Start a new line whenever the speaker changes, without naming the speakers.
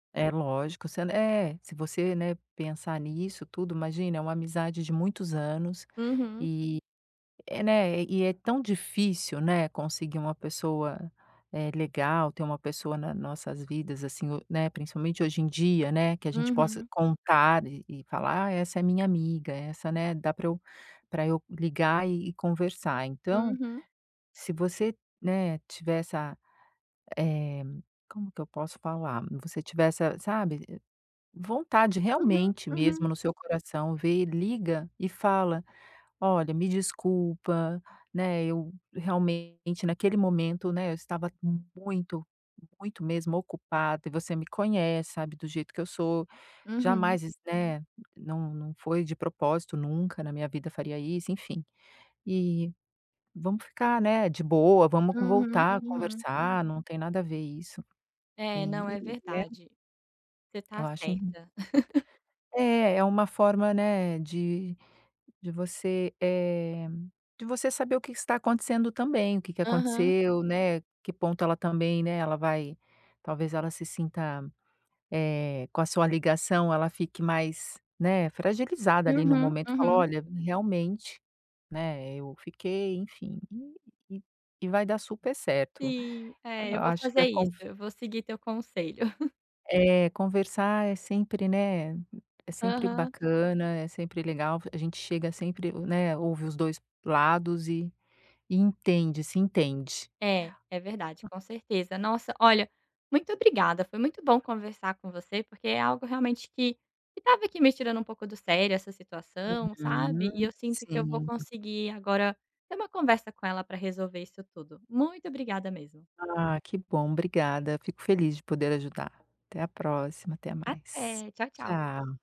É lógico se ela eh, se você, né, pensar nisso tudo, imagina, é uma amizade de muitos anos
Uhum.
e, né, e é tão difícil, né, conseguir uma pessoa, eh, legal, ter uma pessoa na nossas vidas assim, né, principalmente hoje em dia, né, que a gente possa
Uhum.
contar e e falar: "A essa, eh, minha amiga essa né, dá para eu para eu ligar e e conversar," então,
Uhum.
se você, né, tiver essa, eh, como que eu posso falar? Você tiver essa, sabe, vontade
Uhum,
realmente mesmo
uhum.
no seu coração, vê e liga e fala: "Olha me desculpa, né, eu, realmente, naquele momento, né, eu estava muito muito mesmo ocupada e você me conhece sabe do jeito que eu sou,
Uhum.
jamais né, não não foi de propósito nunca na minha vida faria isso, enfim, e vamos ficar, né, de boa vamos
Uhum,
voltar a
uhum.
conversar não tem nada a ver isso
É não,
e
é
né"
verdade, você tá
Eu acho in
certa.
é, é uma forma, né, de de você, eh, de você saber o que está acontecendo também, o que que
Aham.
aconteceu, né, que ponto ela, também, né, ela vai talvez ela se sinta, eh, com a sua ligação ela fique mais, né, fragilizada ali no
Uhum,
momento, fala:
uhum.
"Olha, realmente, né, eu fiquei" enfim, e e vai dar super certo.
Sim,
Eu
é, eu vou
acho que
fazer
a
isso,
confi
eu vou seguir teu conselho.
É, conversar é sempre, né, é sempre
Aham.
bacana, é sempre legal a gente chega, sempre, né, ouve os dois lados e e entende se entende.
É, é verdade,
A
com certeza. Nossa, olha, muito obrigada, foi muito bom conversar com você, porque é algo, realmente, que que estava aqui me tirando um pouco do sério essa situação, sabe, e eu
Uhum,
sinto que eu vou
sim.
conseguir agora ter uma conversa com ela para resolver isso tudo. Muito obrigada mesmo.
Ah, que bom, obrigada, fico feliz de poder ajudar. Até à próxima, até mais.
Até, tchau, tchau.
Tchau.